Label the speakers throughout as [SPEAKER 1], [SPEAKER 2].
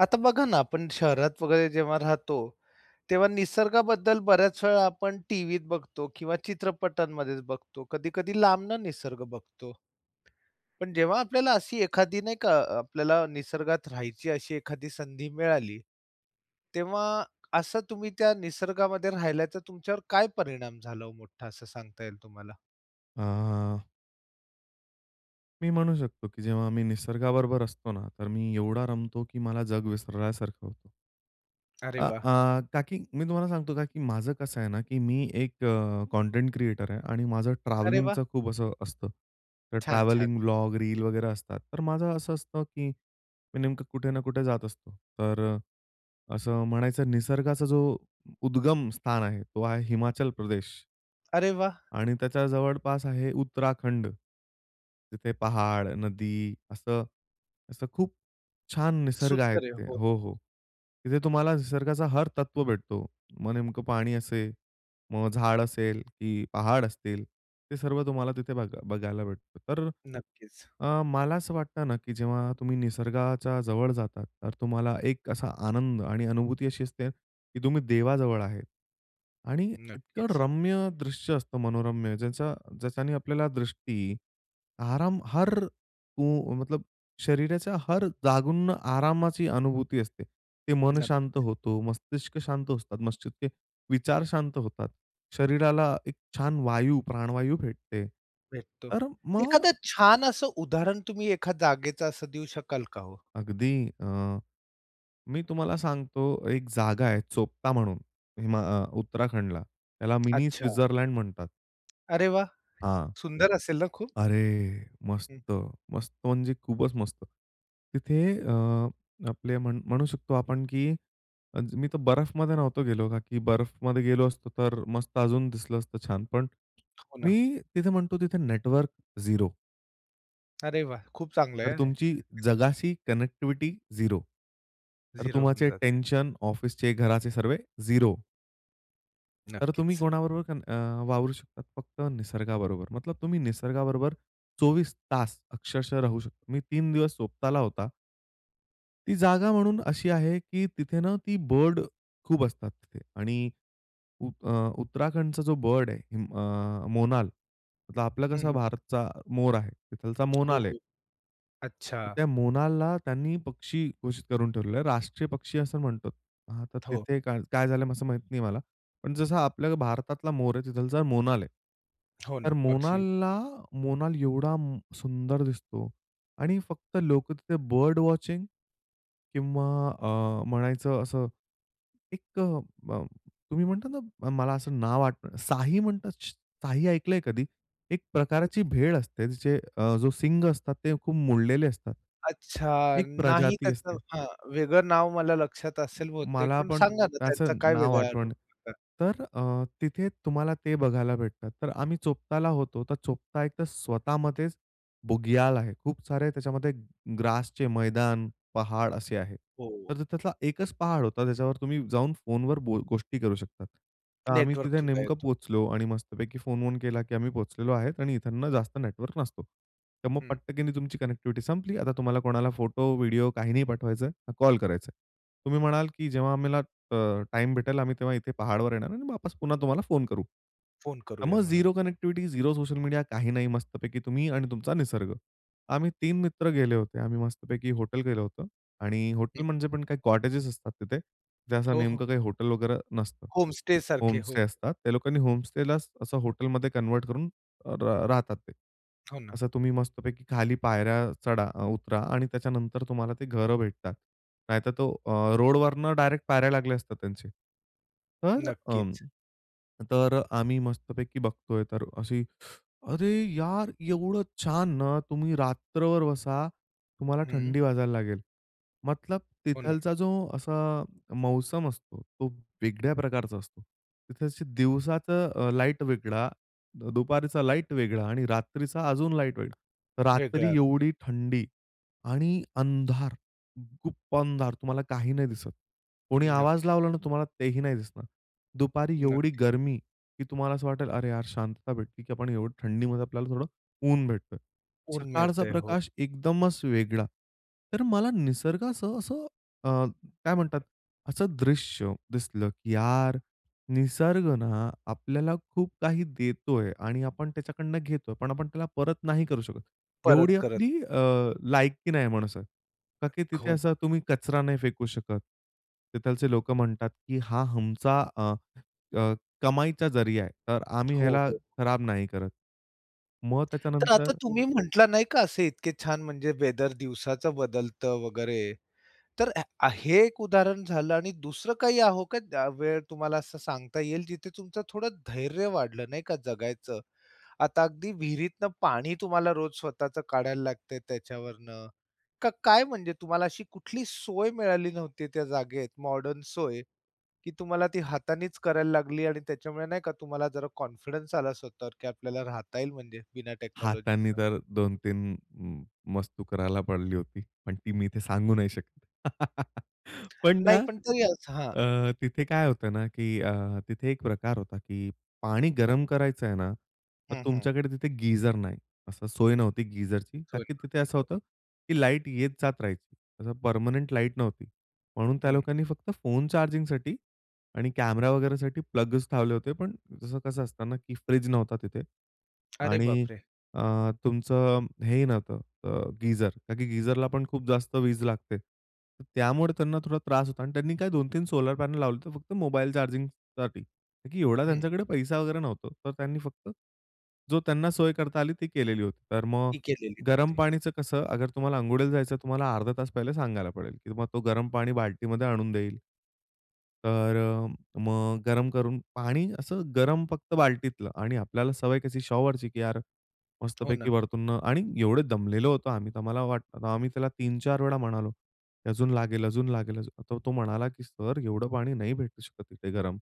[SPEAKER 1] आता बघा ना आपण शहरात वगैरे जेव्हा राहतो तेव्हा निसर्गाबद्दल बऱ्याच वेळा आपण टीव्हीत बघतो किंवा चित्रपटांमध्येच बघतो. कधी-कधी लांबनं निसर्ग बघतो. पण जेव्हा आपल्याला अशी एखादी नाही का आपल्याला निसर्गात राहायची अशी एखादी संधी मिळाली तेव्हा असं तुम्ही त्या निसर्गामध्ये राहिल्याचा तुमच्यावर काय परिणाम झाला हो मोठा असं सांगता येईल तुम्हाला?
[SPEAKER 2] आह. मी म्हणू शकतो, की जेव्हा आम्ही निसर्गाबरोबर असतो ना तर मी एवढा रमतो, की मला जग विसरल्यासारखं होतं.
[SPEAKER 1] अरे
[SPEAKER 2] आ,
[SPEAKER 1] वाह!
[SPEAKER 2] आह, का, की मी तुम्हाला सांगतो का, की माझं कसं आहे ना, की मी एक अ, कंटेंट क्रिएटर आहे आणि माझं
[SPEAKER 1] अरे वाह!
[SPEAKER 2] ट्रॅव्हलिंगचं खूप असं असतं. तर
[SPEAKER 1] छान, छान.
[SPEAKER 2] ट्रॅव्हलिंग ब्लॉग, रील वगैरे असतात. तर माझं असं असतं, की मी नेमकं कुठे ना कुठे जात असतो. तर असं म्हणायचं निसर्गाचा जो उद्गम स्थान आहे तो आहे हिमाचल प्रदेश.
[SPEAKER 1] अरे वाह!
[SPEAKER 2] आणि त्याच्या जवळपास आहे उत्तराखंड, तिथे पहाड, नदी असं असं खूप छान निसर्ग आहे
[SPEAKER 1] सुंदर आहे. हो,
[SPEAKER 2] तिथे.
[SPEAKER 1] हो,
[SPEAKER 2] हो,
[SPEAKER 1] हो.
[SPEAKER 2] हो. तिथे तुम्हाला निसर्गाचा हर तत्व भेटतो. मग नेमकं पाणी असेल, मग झाड असेल की पहाड असतील ते सर्व तुम्हाला तिथे बघ बघायला भेटतो. तर
[SPEAKER 1] नक्कीच.
[SPEAKER 2] अ, मला असं वाटतं ना की जेव्हा तुम्ही निसर्गाच्या जवळ जातात तर तुम्हाला एक असा आनंद आणि अनुभूती अशी असते की तुम्ही देवाजवळ आहेत. आणि इतकं
[SPEAKER 1] नक्कीच.
[SPEAKER 2] रम्य दृश्य असतं मनोरम्य ज्याचा ज्याच्याने आपल्याला दृष्टी, आराम, हर को मतलब शरीराच्या हर जागून ना आरामाची अनुभूती असते. ते मन शांत
[SPEAKER 1] नक्कीच.
[SPEAKER 2] होतो, मस्तिष्क शांत असतात, मस्तिषके विचार शांत होतात. शरीराला एक छान वायू प्राणवायू भेटते.
[SPEAKER 1] भेटतो.
[SPEAKER 2] तर मग
[SPEAKER 1] एखादा छान असं उदाहरण तुम्ही एखाद जागेचं असं देऊ शकाल का हो?
[SPEAKER 2] अगदी अ, मी तुम्हाला सांगतो एक जागा आहे, चोपता म्हणून हिमा अ उत्तराखंडला त्याला मिनी
[SPEAKER 1] अच्छा.
[SPEAKER 2] स्वित्झरलँड म्हणतात.
[SPEAKER 1] अरे वाह!
[SPEAKER 2] हां.
[SPEAKER 1] सुंदर असेल ना खूप?
[SPEAKER 2] अरे मस्त,
[SPEAKER 1] हं.
[SPEAKER 2] मस्त म्हणजे खूपच मस्त. तिथे अ, आपले म्हण म्हणू शकतो आपण की अ, मी तर बर्फमध्ये नव्हतो गेलो का की बर्फमध्ये गेलो असतो तर मस्त अजून दिसलं असतं छान. पण
[SPEAKER 1] हो ना.
[SPEAKER 2] मी तिथे म्हणतो तिथे नेटवर्क 0
[SPEAKER 1] अरे वाह! खूप चांगलंय
[SPEAKER 2] तर
[SPEAKER 1] आ हे.
[SPEAKER 2] तुमची जगाशी कनेक्टिव्हिटी झिरो. तर
[SPEAKER 1] 0 होऊन
[SPEAKER 2] तुम्हाचे
[SPEAKER 1] जाते.
[SPEAKER 2] टेन्शन ऑफिसचे, घराचे सर्वे झिरो. तर तुम्ही
[SPEAKER 1] नक्कीच.
[SPEAKER 2] कोणाबरोबर पण अ, वावरू शकतात फक्त निसर्गाबरोबर. मतलब तुम्ही निसर्गाबरोबर 24 तास अक्षरशः राहू शकता. मी 3 दिवस स्वताला होता. ती जागा म्हणून अशी आहे की तिथे ना ती बर्ड खूप असतात तिथे. आणि अ, उ उत्तराखंडचा जो बर्ड आहे अ, मोनाल तर आपला
[SPEAKER 1] हं,
[SPEAKER 2] कसा
[SPEAKER 1] हं.
[SPEAKER 2] भारतचा मोर आहे तिथलचा
[SPEAKER 1] हो,
[SPEAKER 2] मोनाल आहे.
[SPEAKER 1] हो. अच्छा
[SPEAKER 2] तर त्या मोनालला त्यांनी पक्षी घोषित करून ठेवलेलं आहे. राष्ट्रीय पक्षी असं म्हणतोत. हां तर
[SPEAKER 1] हो.
[SPEAKER 2] तिथे का काय झालं? असं माहीत नाही मला. पण जसा आपल्या भारतातला मोर आहे, तिथलचा मोनाल आहे.
[SPEAKER 1] हो
[SPEAKER 2] तर
[SPEAKER 1] ना, पक्षी.
[SPEAKER 2] मोनालला मोनाल एवढा सुंदर दिसतो आणि फक्त लोक तिथे बर्ड वॉचिंग किंवा अ, म्हणायचं असं एक ब तुम्ही म्हणता ना मला असं नाव आठवत साही म्हणतात, साही ऐकलंय कधी? एक प्रकारची भेड असते जे, अ जो शिंग असतात ते खूप मोडलेले असतात.
[SPEAKER 1] अच्छा.
[SPEAKER 2] एक
[SPEAKER 1] नाही
[SPEAKER 2] प्रजाती
[SPEAKER 1] त्याचं
[SPEAKER 2] असते.
[SPEAKER 1] हां. वेगळं नाव मला लक्षात असेल बहुतेक,
[SPEAKER 2] मला
[SPEAKER 1] पण
[SPEAKER 2] पण
[SPEAKER 1] सांगा ना त्यांचा
[SPEAKER 2] त्याचं
[SPEAKER 1] काय
[SPEAKER 2] नाव
[SPEAKER 1] वेगळा अनुभव
[SPEAKER 2] आठवण
[SPEAKER 1] होता?
[SPEAKER 2] तर अ, तिथे तुम्हाला ते बघायला भेटतात. तर आम्ही चोपताला होतो, तर चोपता एक तर स्वतःमध्येच बुग्याल आहे. खूप सारे त्याच्यामध्ये ग्रासचे मैदान, पहाड असे आहे.
[SPEAKER 1] हो.
[SPEAKER 2] तर त्यातला एकच पहाड होता त्याच्यावर तुम्ही जाऊन फोनवर बो गोष्टी करू शकता. तर आम्ही
[SPEAKER 1] नेटवर्क
[SPEAKER 2] तिथे
[SPEAKER 1] थोडा
[SPEAKER 2] नेमकं
[SPEAKER 1] येतो.
[SPEAKER 2] पोहोचलो आणि मस्तपैकी फोन-वोन केला की आम्ही पोहोचलेलो आहे आणि इथंनं जास्त नेटवर्क नसतो. तर मग
[SPEAKER 1] हं.
[SPEAKER 2] पटकनी तुमची कनेक्टिव्हिटी संपली. आता तुम्हाला कोणाला फोटो, व्हिडिओ काही नाही पाठवायचंय, ना कॉल करायचाय. तुम्ही म्हणाल की जेव्हा आम्हाला अ, टाईम भेटेल आम्ही तेव्हा इथे पहाडवर येणार आणि वापस पुन्हा तुम्हाला फोन करू.
[SPEAKER 1] फोन
[SPEAKER 2] तर
[SPEAKER 1] करूया
[SPEAKER 2] मग
[SPEAKER 1] मग नंतर.
[SPEAKER 2] Zero connectivity, zero social media काही नाही. मस्तपैकी तुम्ही आणि तुमचा निसर्ग. आम्ही 3 मित्र गेले होते. आम्ही मस्तपैकी हॉटेल गेलं होतं आणि
[SPEAKER 1] हं.
[SPEAKER 2] हॉटेल म्हणजे पण काही कॉटेजेस असतात तिथे, जे असं
[SPEAKER 1] हो, हो.
[SPEAKER 2] नेमकं काही हॉटेल वगैरे नसतं.
[SPEAKER 1] होम स्टे सारखे
[SPEAKER 2] होम स्टे
[SPEAKER 1] हो.
[SPEAKER 2] असतात. त्या लोकांनी होम स्टेला असं हॉटेलमध्ये कन्व्हर्ट करून र राहतात ते.
[SPEAKER 1] हो ना.
[SPEAKER 2] असं तुम्ही मस्तपैकी खाली पायऱ्या चढा-उतरा आणि त्याच्यानंतर तुम्हाला ते घरं भेटतात. नाहीतर तो अ, रोडवरनं डायरेक्ट पायऱ्या लागल्या असतात त्यांचे. तर अं
[SPEAKER 1] नक्कीच.
[SPEAKER 2] तर आम्ही मस्तपैकी बघतोय तर अशी "अरे यार! एवढं छान ना" तुम्ही रात्रभर बसा, तुम्हाला
[SPEAKER 1] हं.
[SPEAKER 2] थंडी वाजायला लागेल. मतलब
[SPEAKER 1] हो ना.
[SPEAKER 2] तिथलचा जो असा मौसम असतो, तो वेगळ्या प्रकारचा असतो. तिथे दिवसाचं अ, लाईट वेगळा, दुपारीचा लाईट वेगळा आणि रात्रीचा अजून लाईट वेगळा.
[SPEAKER 1] वेगळं
[SPEAKER 2] रात्री
[SPEAKER 1] असत.
[SPEAKER 2] एवढी थंडी आणि अंधार, गुप्प अंधार. तुम्हाला काही नाही दिसत. कोणी आवाज
[SPEAKER 1] नक्की.
[SPEAKER 2] लावला ना तुम्हाला तेही नाही दिसणार. दुपारी एवढी
[SPEAKER 1] नक्कीच.
[SPEAKER 2] गरमी की तुम्हाला असं वाटेल "अरे यार! शांतता भेटते की आपण एवढी थंडीमध्ये आपल्याला थोडं ऊन भेटतोय." सकाळचा
[SPEAKER 1] उन्मेते हो.
[SPEAKER 2] प्रकाश एकदमच वेगळा. तर मला निसर्गाचं असं अ, काय म्हणतात? असं दृश्य दिसलं की यार, निसर्ग ना आपल्याला खूप काही देतोय आणि आपण त्याच्याकडनं घेतोय. पण आपण त्याला परत नाही करू शकत. एवढी
[SPEAKER 1] परत करत.
[SPEAKER 2] आपली अ, लायकी नाही माणसात का की तिथे
[SPEAKER 1] खो ना.
[SPEAKER 2] असं तुम्ही कचरा नाही फेकू शकत. तिथलचे लोक म्हणतात की हा आमचा अ, अ, कमाईचा जरीया आहे, तर आम्ही
[SPEAKER 1] हो,
[SPEAKER 2] ह्याला
[SPEAKER 1] हो.
[SPEAKER 2] खराब नाही करत. मग
[SPEAKER 1] तर आता
[SPEAKER 2] त्याच्यानंतर
[SPEAKER 1] तुम्ही म्हटला नाही का असे इतके छान म्हणजे वेदर दिवसाचं बदलतं वगैरे. तर आ हे एक उदाहरण झालं आणि दुसरं काही आ हो, का वेळ तुम्हाला असं सांगता येईल जिथे तुमचं थोडं धैर्य वाढलं, नाही का जगायचं? आता अगदी विहिरीतनं पाणी तुम्हाला रोज स्वतःच काढायला लागतंय त्याच्यावरनं. का? काय? म्हणजे तुम्हाला अशी कुठली सोय मिळाली नव्हती, त्या जागेत मॉडर्न सोय? की तुम्हाला ती हातानीच करायला लागली आणि त्याच्यामुळे नाही का तुम्हाला जरा कॉन्फिडन्स आला स्वतःवर की आपल्याला राहता येईल म्हणजे बिना
[SPEAKER 2] हातांनी
[SPEAKER 1] टेक्नॉलॉजीचं.
[SPEAKER 2] तर 2 3 म म मस्तू करायला पडली होती. पण ती मी इथे सांगू नाही शकत. पण ना
[SPEAKER 1] नाही पण तरीच हां.
[SPEAKER 2] अ, तिथे काय होतं ना? की अ, तिथे एक प्रकार होता की पाणी गरम करायचं आहे ना तर
[SPEAKER 1] हं, हं.
[SPEAKER 2] तुमच्याकडे तिथे गीझर नाही. असं
[SPEAKER 1] अं,
[SPEAKER 2] सोय
[SPEAKER 1] हं.
[SPEAKER 2] नव्हती गीझरची. ता
[SPEAKER 1] सॉरी
[SPEAKER 2] की
[SPEAKER 1] म्हण
[SPEAKER 2] तिथे
[SPEAKER 1] ती
[SPEAKER 2] असं
[SPEAKER 1] पण
[SPEAKER 2] होतं की लाईट येत जात राहायची. जसं परमनेंट लाईट नव्हती. म्हणून त्या
[SPEAKER 1] हं.
[SPEAKER 2] लोकांनी फक्त फोन चार्जिंगसाठी आणि कॅमेरा वगैरेसाठी प्लग्स लावले होते. पण तसं कसं असतं ना? की फ्रिज नव्हता तिथे.
[SPEAKER 1] अरे
[SPEAKER 2] आणि
[SPEAKER 1] बापरे!
[SPEAKER 2] अ, तुमचं हे ही नव्हतं अ, गीझर. ता की गीझरला पण खूप जास्त वीज लागते. त्यामुळे त्यांना थोडा त्रास होतो आणि त्यांनी काय 2-3 सोलार पॅनल लावले तर फक्त मोबाईल चार्जिंगसाठी. ता की एवढा
[SPEAKER 1] हं.
[SPEAKER 2] त्यांच्याकडे पैसा वगैरे नव्हता. तर त्यांनी फक्त जो त्यांना सोय करता आली ती केलेली होती. तर मग
[SPEAKER 1] ती केलेली
[SPEAKER 2] गरम
[SPEAKER 1] होती.
[SPEAKER 2] पाणीचं कसं? अगर तुम्हाला अंघोळीला जायचं तर तुम्हाला अर्धा तास पहिले सांगायला पडेल, की तुम्हाला तो गरम पाणी बाल्टीमध्ये आणून देईल. तर अ, मग गरम करून पाणी असं गरम फक्त बाल्टीतलं आणि आपल्याला सवय कशी शॉवरची की यार
[SPEAKER 1] हो ना.
[SPEAKER 2] मस्तपैकी वरतून न आणि एवढं दमलेलो होतो आम्ही. तर आम्हाला वाटलं, आम्ही त्याला 3 4 वेळा म्हणालो की अजून लागेल, अजून लागेल, अजून तर तो म्हणाला की "सर, एवढं पाणी नाही भेटू शकत इथे गरम."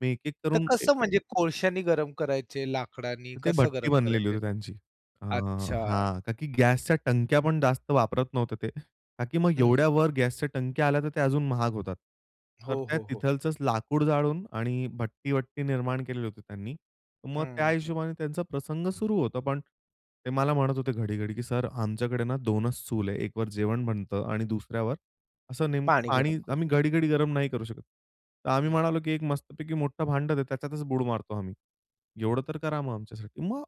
[SPEAKER 2] मी एक-एक
[SPEAKER 1] तर
[SPEAKER 2] करून ए
[SPEAKER 1] कसं म्हणजे कोळशानी गरम करायचे, लाकडानी
[SPEAKER 2] तर ते
[SPEAKER 1] कसं
[SPEAKER 2] भट्टी
[SPEAKER 1] गरम
[SPEAKER 2] बनलेली
[SPEAKER 1] करायचे?
[SPEAKER 2] होती त्यांची अ,
[SPEAKER 1] अच्छा.
[SPEAKER 2] हां. ता की गॅसच्या टंक्या पण जास्त वापरत नव्हते ते. ता की मग
[SPEAKER 1] हं.
[SPEAKER 2] एवढ्या वर गॅसच्या टंक्या आल्या तर ते अजून महाग होतात. तर
[SPEAKER 1] हो,
[SPEAKER 2] त्या
[SPEAKER 1] हो, हो.
[SPEAKER 2] तिथलचंच लाकूड जाळून आणि भट्टी-वट्टी निर्माण केलेली होती त्यांनी. मग त्या
[SPEAKER 1] हं, हं.
[SPEAKER 2] हिशोबाने त्यांचा प्रसंग सुरू होतो. पण ते मला म्हणत होते घडी, घडी की सर आमच्याकडे ना 2च चूल आहे, 1 वर जेवण बनतं आणि 2ऱ्यावर असं नेमकं
[SPEAKER 1] पाणी गरम
[SPEAKER 2] पाणी.
[SPEAKER 1] कर.
[SPEAKER 2] आम्ही घडी, घडी गरम नाही करू शकत. तर आम्ही
[SPEAKER 1] हं.
[SPEAKER 2] म्हणालो की एक मस्तपैकी मोठं भांडं दे. त्याच्यातच बुड मारतो आम्ही. एवढं तर करा मग आमच्यासाठी. मग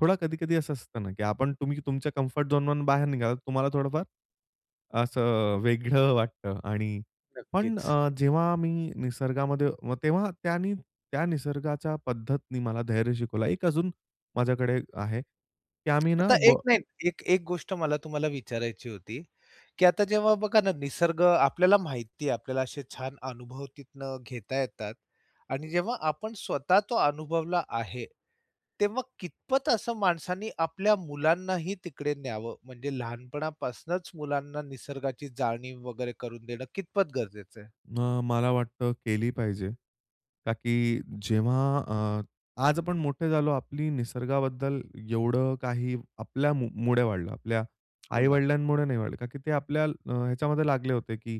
[SPEAKER 2] थोडा कधी-कधी असं असतं ना की आपण तुम्ही तुमच्या कम्फर्ट झोन वरून बाहेर निघालात, तर तुम्हाला थोडंफार असं वेगळं वाटतं आणि पण
[SPEAKER 1] नक्कीच.
[SPEAKER 2] अ, जेव्हा मी निसर्गामध्ये तेव्हा त्यांनी त्या निसर्गाच्या पद्धतीने मला धैर्य शिकवलं, एक अजून माझ्याकडे आहे की आम्ही ना
[SPEAKER 1] आता एक
[SPEAKER 2] ब
[SPEAKER 1] नाही. एक-एक गोष्ट मला तुम्हाला विचारायची होती, की आता जेव्हा बघा ना निसर्ग आपल्याला माहिती आहे, आपल्याला असे छान अनुभव तिथनं घेता येतात. आणि जेव्हा आपण स्वतः तो अनुभवला आहे. तेव्हा कितपत असं माणसाने आपल्या मुलांनाही तिकडे न्यावं? म्हणजे लहानपणापासूनच मुलांना निसर्गाची जाणीव वगैरे करून देणं कितपत गरजेचं आहे?
[SPEAKER 2] अ, मला वाटतं केली पाहिजे. ता की जेव्हा अ, आज आपण मोठे झालो आपली निसर्गाबद्दल एवढं काही आपल्यामुळे वाढलं, आपल्या
[SPEAKER 1] हो ना.
[SPEAKER 2] आई-वडिलांमुळे नाही वाढलं. ता की ते आपल्या ह्याच्यामध्ये लागले होते की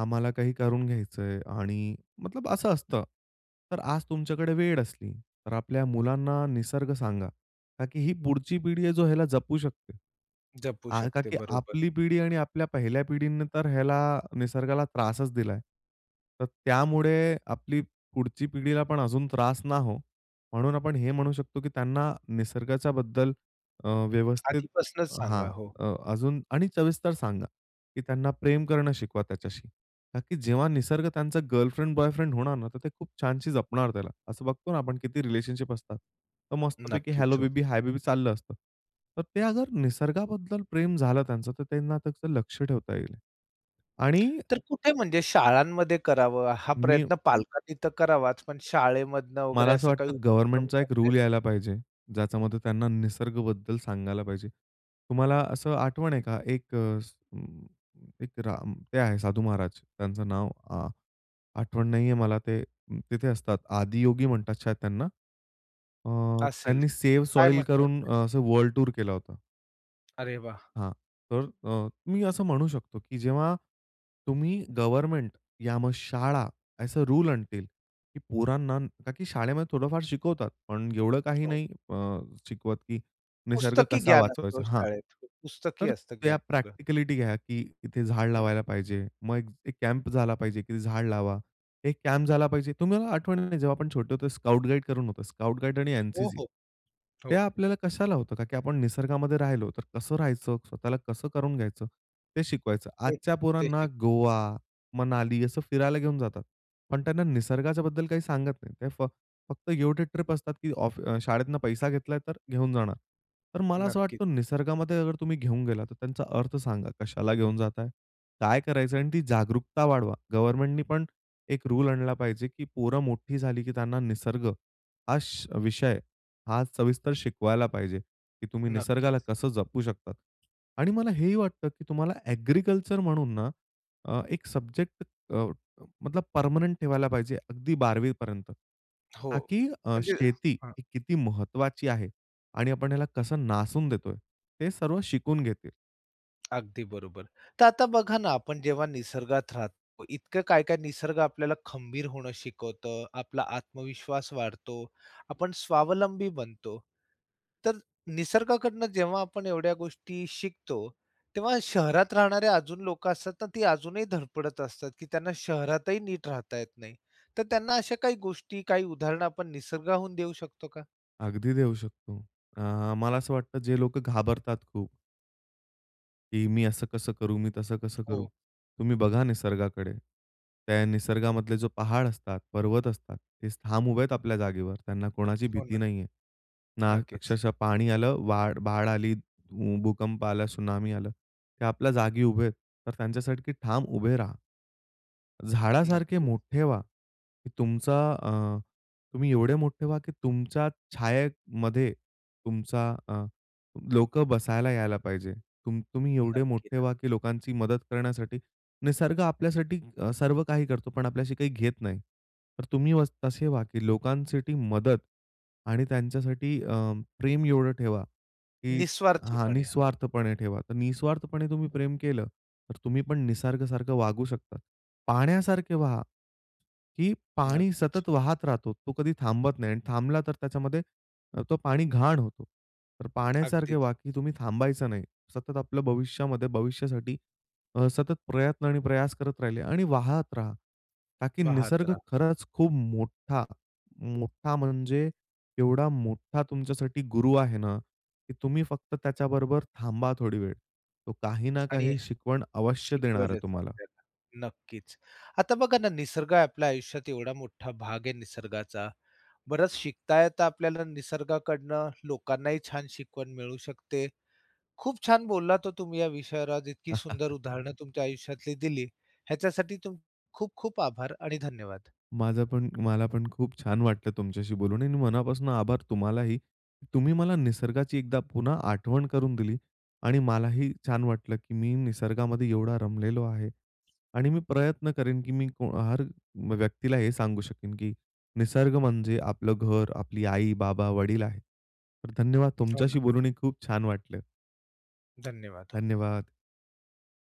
[SPEAKER 2] आम्हाला काही करून घ्यायचंय आणि मतलब असं असतं. तर आज तुमच्याकडे वेळ असली, तर आपल्या मुलांना निसर्ग सांगा, ता की ही पुढची पिढी आहे, ह्याला जपू शकते.
[SPEAKER 1] जपू
[SPEAKER 2] का
[SPEAKER 1] शकते
[SPEAKER 2] की
[SPEAKER 1] बरोबर.
[SPEAKER 2] आपली पिढी आणि आपल्या पहिल्या पिढीने तर ह्याला निसर्गाला त्रासच दिलाय. तर त्यामुळे आपली पुढची पिढीला पण अजून त्रास ना हो, म्हणून आपण हे म्हणू शकतो की त्यांना निसर्गाच्याबद्दल अ, व्यवस्थित
[SPEAKER 1] आधीपासनंच
[SPEAKER 2] हां.
[SPEAKER 1] सांगा हो.
[SPEAKER 2] अ, अजून आणि सविस्तर सांगा की त्यांना प्रेम करणं शिकवा त्याच्याशी. ता की जेव्हा निसर्ग त्यांचा गर्लफ्रेंड बॉयफ्रेंड होणार ना तर ते खूप छानशी जपणार, त्याला असं बघतो ना आपण किती रिलेशनशिप असतात. तर मस्तपैकी
[SPEAKER 1] नक्कीच
[SPEAKER 2] हेल्लो
[SPEAKER 1] हो.
[SPEAKER 2] बेबी, हाय बेबी चाललं असतं. तर ते अगर निसर्गाबद्दल प्रेम झालं त्यांचं तर त्यांना त्याचं लक्ष ठेवता येईल. आणि
[SPEAKER 1] तर कुठे म्हणजे शाळांमध्ये करावं, हा
[SPEAKER 2] मी
[SPEAKER 1] प्रयत्न पालकांनी तर करावाच पण शाळेमधून वगैरे
[SPEAKER 2] मला असं
[SPEAKER 1] असं काही
[SPEAKER 2] वाटतं
[SPEAKER 1] उपक्रम
[SPEAKER 2] गव्हर्नमेंटचा एक
[SPEAKER 1] करावेत?
[SPEAKER 2] रूल यायला पाहिजे. ज्याच्यामध्ये त्यांना निसर्गबद्दल सांगायला पाहिजे. तुम्हाला असं आठवण आहे
[SPEAKER 1] हं.
[SPEAKER 2] का? एक एक राम ते आहे, साधू महाराज. त्यांचं नाव आ आठवण नाहीये मला ते, तिथे असतात. आदियोगी म्हणतात शायद त्यांना. अ,
[SPEAKER 1] असेल,
[SPEAKER 2] त्यांनी सेव्ह
[SPEAKER 1] काय
[SPEAKER 2] सॉइल
[SPEAKER 1] म्हणतात?
[SPEAKER 2] करून असं वर्ल्ड टूर केला होता.
[SPEAKER 1] अरे वाह!
[SPEAKER 2] हां. तर अ, मी असं म्हणू शकतो की जेव्हा तुम्ही गव्हर्नमेंट या मग शाळा असे रूल आणतील, की पोरांना ताकि शाळेमध्ये थोडंफार शिकवतात. पण एवढं काही
[SPEAKER 1] हो.
[SPEAKER 2] नाही अ, शिकवत की निसर्ग
[SPEAKER 1] पुस्तकी
[SPEAKER 2] कसा
[SPEAKER 1] ज्ञान असतो
[SPEAKER 2] वाचवायचा? हां.
[SPEAKER 1] शाळेत. पुस्तकी
[SPEAKER 2] तर
[SPEAKER 1] असतं ज्ञान
[SPEAKER 2] त्या
[SPEAKER 1] सगळं.
[SPEAKER 2] प्रॅक्टिकलिटी घ्या की इथे झाड
[SPEAKER 1] हं.
[SPEAKER 2] लावायला पाहिजे. मग एक कॅम्प झाला पाहिजे की झाड लावा. एक कॅम्प झाला पाहिजे तुम्हाला आठवण नाही जेव्हा आपण छोटे होतो स्काउट, गाईड करून होतो, स्काउट, गाईड आणि
[SPEAKER 1] हो,
[SPEAKER 2] एन-सी-सी.
[SPEAKER 1] हो.
[SPEAKER 2] ते
[SPEAKER 1] हो.
[SPEAKER 2] आपल्याला कशाला होतं का की आपण निसर्गामध्ये राहिलो तर कसं राहायचं, स्वतःला कसं करून घ्यायचं ते शिकवायचं.
[SPEAKER 1] तेच
[SPEAKER 2] आजच्या
[SPEAKER 1] ते
[SPEAKER 2] पोरांना
[SPEAKER 1] शिक.
[SPEAKER 2] गोवा, मनाली असं फिरायला घेऊन जातात. पण त्यांना निसर्गाच्या बद्दल काही सांगत नाही. ते फक्त गिव्ह टू ट्रिप असतात की ऑफ शाळेतून पैसा घेतला तर घेऊन जाणार. तर मला असं
[SPEAKER 1] नक्कीच.
[SPEAKER 2] वाटतं निसर्गामध्ये अगर तुम्ही घेऊन गेला तर त्यांचा अर्थ सांगा कशाला घेऊन जाताय? काय करायचं आहे? आणि ती जागरूकता वाढवा गव्हर्नमेंटनी पण एक रूल आणला पाहिजे, की पोरं मोठी झाली की त्यांना निसर्ग, हा स विषय हा सविस्तर शिकवायला पाहिजे, की तुम्ही
[SPEAKER 1] नक्कीच.
[SPEAKER 2] निसर्गाला कसं जपू शकतात. आणि मला हेही वाटतं की तुम्हाला ऍग्रीकल्चर म्हणून ना, अ एक सब्जेक्ट, अ, मतलब परमनेंट ठेवायला पाहिजे अगदी 12वी पर्यंत.
[SPEAKER 1] हो,
[SPEAKER 2] ताकी अ,
[SPEAKER 1] म्हणजे
[SPEAKER 2] शेती
[SPEAKER 1] हां.
[SPEAKER 2] किती महत्वाची आहे आणि आपण ह्याला कसं नासून देतोय ते सर्व शिकून घेतील.
[SPEAKER 1] अगदी बरोबर. तर आता बघा ना, आपण जेव्हा निसर्गात राहतो इतकं काय, काय निसर्ग आपल्याला खंबीर होणं शिकवत, आपला आत्मविश्वास वाढतो, आपण स्वावलंबी बनतो. तर निसर्गाकडनं जेव्हा आपण एवढ्या गोष्टी शिकतो, तेव्हा शहरात राहणारे अजून लोक असतात ना ती अजूनही धडपडत असतात की त्यांना शहरातही नीट राहता येत नाही. तर त्यांना अशा काही गोष्टी काही उदाहरण आपण निसर्गाहून देऊ शकतो का?
[SPEAKER 2] अगदी देऊ शकतो. अ, मला असं वाटतं जे लोकं घाबरतात खूप की मी असं कसं करू, मी तसं कसं करू?
[SPEAKER 1] हो.
[SPEAKER 2] तुम्ही बघा निसर्गाकडे. त्या निसर्गामधले जो पहाड असतात, पर्वत असतात ते ठाम उभे आहेत आपल्या जागेवर त्यांना कोणाची
[SPEAKER 1] हो
[SPEAKER 2] भीती
[SPEAKER 1] ना.
[SPEAKER 2] नाहीये. ना
[SPEAKER 1] नक्कीच.
[SPEAKER 2] अक्षरशः पाणी आलं, वाड बाड आली, उ भूकंप आला, त्सुनामी आलं. ते आपल्या जागी उभे आहेत. तर त्यांच्यासारखे ठाम उभे राहा. झाडासारखे
[SPEAKER 1] नक्की.
[SPEAKER 2] मोठे व्हा, की तुमचा अ, तुम्ही एवढे मोठे व्हा की तुमच्या छायेमध्ये तुमचा अ, लोकं बसायला यायला पाहिजे. तू तुम्ही एवढे
[SPEAKER 1] नक्की,
[SPEAKER 2] मोठे
[SPEAKER 1] न
[SPEAKER 2] व्हा, की लोकांची मदत करण्यासाठी निसर्ग आपल्यासाठी अ, सर्व काही करतो पण आपल्याशी काही घेत नाही. तर तुम्ही व तसे व्हा की लोकांसाठी मदत आणि त्यांच्यासाठी अ, प्रेम एवढं ठेवा, की हां
[SPEAKER 1] निस्वार्थीपणे हो.
[SPEAKER 2] निःस्वार्थपणे ठेवा. तर निस्वार्थपणे तुम्ही प्रेम केलं, तर तुम्ही पण निसर्ग सारखं वागू शकतात. पाहण्यासारखे वहा. की पाणी
[SPEAKER 1] नक्कीच.
[SPEAKER 2] सतत वाहत राहतो तो कधी थांबत नाही आणि थांबला तर त्याच्यामध्ये तो पाणी घाण होतो. तर पाण्यासारखे
[SPEAKER 1] अगदीच.
[SPEAKER 2] वाहा, तुम्ही थांबायचं नाही. सतत आपलं भविष्यामध्ये भविष्यासाठी अ, सतत प्रयत्न आणि प्रयास करत राहिले आणि वाहत राहा. ता की
[SPEAKER 1] वाहत
[SPEAKER 2] निसर्ग
[SPEAKER 1] रहा.
[SPEAKER 2] खरंच खूप मोठा, मोठा म्हणजे एवढा मोठा तुमच्यासाठी गुरु आहे ना की तुम्ही फक्त त्याच्याबरोबर थांबा थोडी वेळ. तो काही ना
[SPEAKER 1] आणि
[SPEAKER 2] काही शिकवण अवश्य देणार
[SPEAKER 1] शिकवले
[SPEAKER 2] आहे
[SPEAKER 1] जातात.
[SPEAKER 2] तुम्हाला.
[SPEAKER 1] नक्कीच. आता बघा ना निसर्ग आपल्या आयुष्यात एवढा मोठा भाग आहे निसर्गाचा. बरंच शिकता येत आपल्याला निसर्गाकडनं. लोकांनाही छान शिकवण मिळू शकते. खूप छान बोललात हो तुम्ही या विषयावर इतकी सुंदर उदाहरणं तुमच्या आयुष्यातली दिली ह्याच्यासाठी तुम खूप-खूप आभार आणि धन्यवाद.
[SPEAKER 2] माझं पण मला पण खूप छान वाटलं तुमच्याशी बोलून आणि मनापासून आभार तुम्हालाही. तुम्ही मला निसर्गाची एकदा पुन्हा आठवण करून दिली आणि मलाही छान वाटलं की मी निसर्गामध्ये एवढा रमलेलो आहे. आणि मी प्रयत्न करेन की मी हर व्यक्तीला हे सांगू शकेन की निसर्ग म्हणजे आपलं घर, आपली आई, बाबा, वडील आहेत. तर धन्यवाद
[SPEAKER 1] हो ना.
[SPEAKER 2] तुमच्याशी बोलून ही खूप छान वाटलं.
[SPEAKER 1] धन्यवाद. हो.
[SPEAKER 2] धन्यवाद.